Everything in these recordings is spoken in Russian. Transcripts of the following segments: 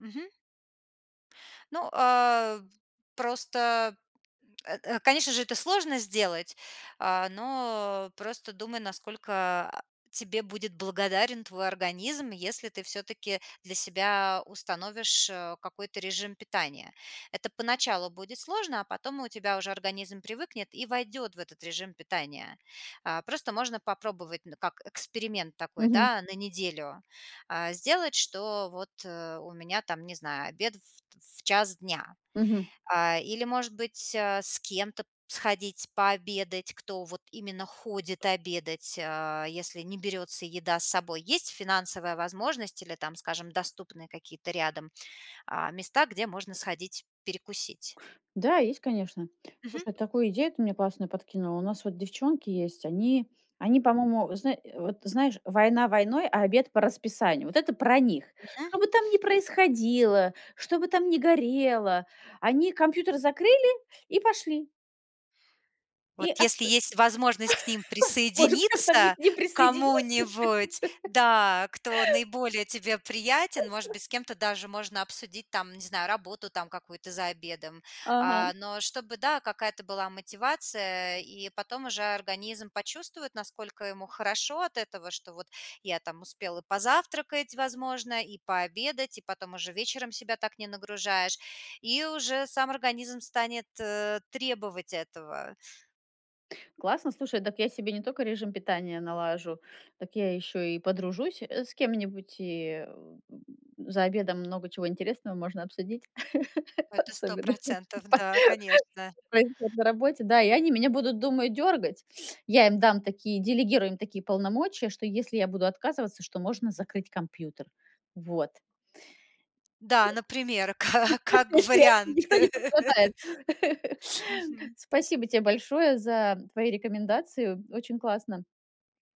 Мгм. Ну, а, просто. Э, э, конечно же, это сложно сделать. А, но просто думай, насколько, а, тебе будет благодарен твой организм, если ты всё-таки для себя установишь, э, какой-то режим питания. Это поначалу будет сложно, а потом у тебя уже организм привыкнет и войдет в этот режим питания. А, просто можно попробовать, ну, как эксперимент такой, Мгм. да, на неделю. А, сделать, что вот, э, у меня, там, не знаю, обед ф ф в 1:00 дня. Мгм. А, или, может быть, а, с кем-то сходить пообедать, кто вот именно ходит обедать. А, если не берётся еда с собой. Есть финансовая возможность или, там, скажем, доступные какие-то рядом, а, места, где можно сходить перекусить? Да, есть, конечно. Мгм. Слушай, такую идею ты мне классную подкинула. У нас вот девчонки есть, они они, по-моему, зна э, вот знаешь: "Война войной, а обед по расписанию". Вот это про них. Мгм. Что бы там ни происходило, что бы там ни горело, они компьютер закрыли и пошли. Вот И ат если есть возможность к ним может, как-то мне к присоединиться, ним к присоединиться? кому-нибудь, да. Кто наиболее тебе приятен. Может быть, с кем-то даже можно обсудить там, не знаю, работу, там, какую-то за обедом. Ага. А. Но чтобы, да, какая-то была мотивация. И потом уже организм почувствует, насколько ему хорошо от этого. Что вот я там успел и позавтракать, возможно, и пообедать, и потом уже вечером себя так не нагружаешь. И уже сам организм станет, э, требовать этого. Классно. Слушай, дак я себе не только режим питания налажу. Так я ещё и подружусь, э, с кем-нибудь. И за обедом много чего интересного можно обсудить, Это сто особенно процентов, па да, конечно. пройдёт на работе. Да, и они меня будут, думаю, дергать. Я им дам такие делегирую им такие полномочия, что если я буду отказываться, что можно закрыть компьютер. Вот. Я ч Да, например, каа как и они. вариант. Никто не пострадает. Мгм. Спасибо те большое за твои рекомендацию. Очень классно.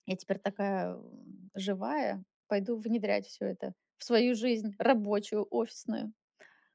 Я теперь такая, э, живая. Пойду внедрять всё это в свою жизнь, рабочую, офисную.